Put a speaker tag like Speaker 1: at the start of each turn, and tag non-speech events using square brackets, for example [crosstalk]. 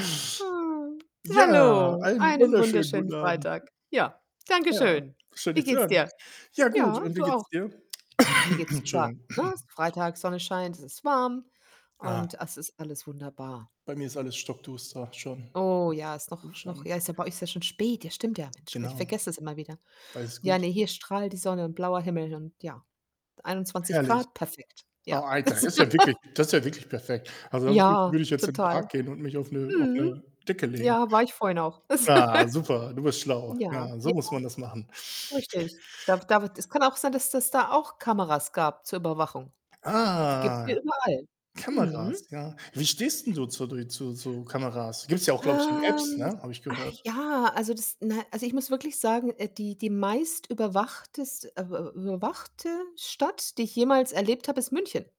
Speaker 1: Ah.
Speaker 2: Ja,
Speaker 1: Hallo,
Speaker 2: einen
Speaker 1: einen
Speaker 2: wunderschönen
Speaker 1: wunderschönen
Speaker 2: guten Abend.
Speaker 1: Freitag. Ja, danke
Speaker 2: Ja,
Speaker 1: schön.
Speaker 2: schön
Speaker 1: Wie
Speaker 2: dich zu
Speaker 1: geht's
Speaker 2: hören.
Speaker 1: dir?
Speaker 2: Ja gut,
Speaker 1: Ja,
Speaker 2: und wie
Speaker 1: du auch.
Speaker 2: geht's dir?
Speaker 1: Ja, mir
Speaker 2: [coughs]
Speaker 1: geht's super,
Speaker 2: Entschuldigung.
Speaker 1: ne?
Speaker 2: [clears throat]
Speaker 1: Freitag, Sonne scheint, es ist warm
Speaker 2: Ah.
Speaker 1: und es ist alles wunderbar.
Speaker 2: Bei mir ist alles stockduster schon.
Speaker 1: Oh ja, ist noch
Speaker 2: Hier
Speaker 1: f noch
Speaker 2: schon.
Speaker 1: ja, ist bei euch ist ja schon spät. Ja, stimmt ja, Mensch, ich
Speaker 2: Genau.
Speaker 1: vergesse es immer wieder.
Speaker 2: Alles
Speaker 1: Ja,
Speaker 2: gut.
Speaker 1: ne, hier strahlt die Sonne und blauer Himmel und ja. einundzwanzig
Speaker 2: Herrlich.
Speaker 1: Grad, perfekt.
Speaker 2: Oh,
Speaker 1: Ja.
Speaker 2: Alter, ist ja wirklich
Speaker 1: [chuckles]
Speaker 2: das ist ja wirklich perfekt. Also, da würde ich
Speaker 1: Ja,
Speaker 2: würde ich jetzt in den Park
Speaker 1: total.
Speaker 2: gehen und mich auf 'ne auf
Speaker 1: Mhm.
Speaker 2: 'ne Decke legen.
Speaker 1: Ja, war ich vorhin auch.
Speaker 2: Ja, super, du bist
Speaker 1: [chuckles]
Speaker 2: schlau.
Speaker 1: Ja,
Speaker 2: Ja, so
Speaker 1: ja,
Speaker 2: muss man das machen.
Speaker 1: richtig. Darf darf es kann auch sein, dass dass da auch Kameras gab zur Überwachung. Die gibt's
Speaker 2: Ah,
Speaker 1: hier überall.
Speaker 2: Kameras,
Speaker 1: Mhm.
Speaker 2: ja. Wie stehst 'n du zu die zu zu Kameras? Gibt's ja auch, glaube ich, in Apps,
Speaker 1: Ähm,
Speaker 2: ne, habe ich gehört.
Speaker 1: ja, also, das, na also, ich muss wirklich sagen, äh, die die meist überwachtest äh, w überwachte Stadt, die ich jemals erlebt habe, ist München.